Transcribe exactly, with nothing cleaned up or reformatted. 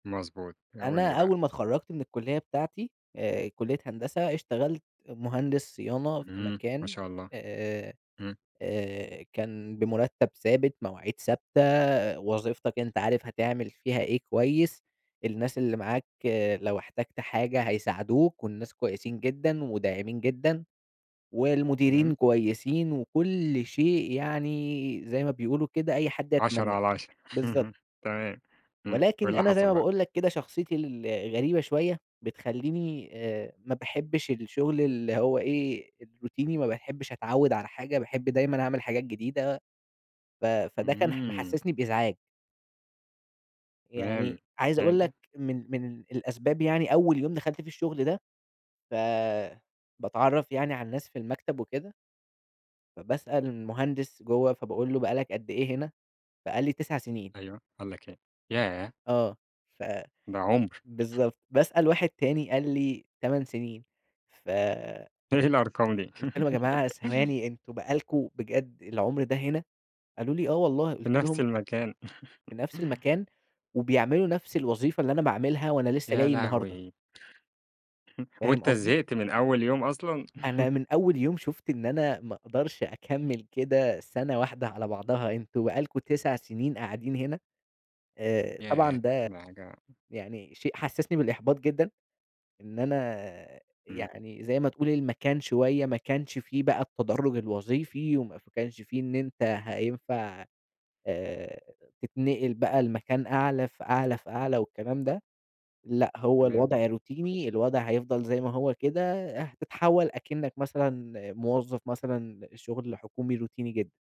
مضبوط. قُل لي أنا بقى أول ما اتخرجت من الكلية بتاعتي، آآ، كلية هندسة، اشتغلت مهندس صيانة في إمم، ما مكان، شاء الله. آآ، إمم. آآ، كان بمرتب ثابت، مواعيد ثابتة، وظيفتك أنت عارف هتعمل فيها إيه كويس، الناس اللي معاك لو احتجت حاجة هيساعدوك، والناس كويسين جدًا، وداعمين جدًا، والمديرين تمام. كويسين، وكل شيء يعني زي ما بيقولوا كده أي حد عَشَرة يتمناه على عَشَرة بالضبط. تمام. إمم، وإيه ولكن اللي أنا زي حصل ما بقى؟ باقول لك كده شخصيتي الغريبة شوية، بتخليني، آآ، ما باحبش الشغل اللي هو إيه، الروتيني وما باحبش أتعوِّد على حاجة، باحب دايمًا أعمل حاجات جديدة، ف فده كان ح إمم. محسسني بإزعاج. تمام، يعني، عايز أقول يعني لك من من الأسباب يعني أول يوم دخلت فيه الشغل ده، ف باتعرّف يعني على الناس في المكتب، وكده فباسأل المهندس جوّه، فباقول له: "بقى لك قد إيه هنا؟" فقال لي: "تِسَع سنين." أيوه، قال لك إيه؟ ياه! آه، ف ده عُمْر. بالضبط، باسأل واحد تاني، قال لي: "تمَن سنين"، ف إيه الأرقام دي! قُلت لهم: "يا جماعة ثواني، أنتم بقى لكم- بجد- العُمْر ده هنا!"، قالوا لي: "آه والله." في قُلت نفْس لهم المكان. في نفْس المكان، وبيعملوا نفْس الوظيفة اللي أنا باعملها، وأنا لسه يا جاي النهارده. لهوي! فاهم وأنت قصدي؟ زهقت من أول يوم أصلًا؟ أنا من أول يوم شُفت إن أنا ما أقدرش أكمل كده سنة واحدة على بعضها، أنتم بقى لكم تِسَع سنين قاعدين هنا! آآ، طبعًا ياه! ده دي حاجة يعني شيء حسسني بالإحباط جدًا، إن أنا إمم. يعني زي ما تقول المكان شوية ما كانش فيه بقى التدرج الوظيفي، وما ف كانش في إن أنت هينفع، آآ، تتنقل بقى لمكان أعلى فأعلى فأعلى، والكلام ده، لأ، هو تمام. الوضع روتيني، الوضع هيفضل زي ما هو كده، آآ، هتتحول أكنك مثلًا موظف مثلًا شغل حكومي روتيني جدًا.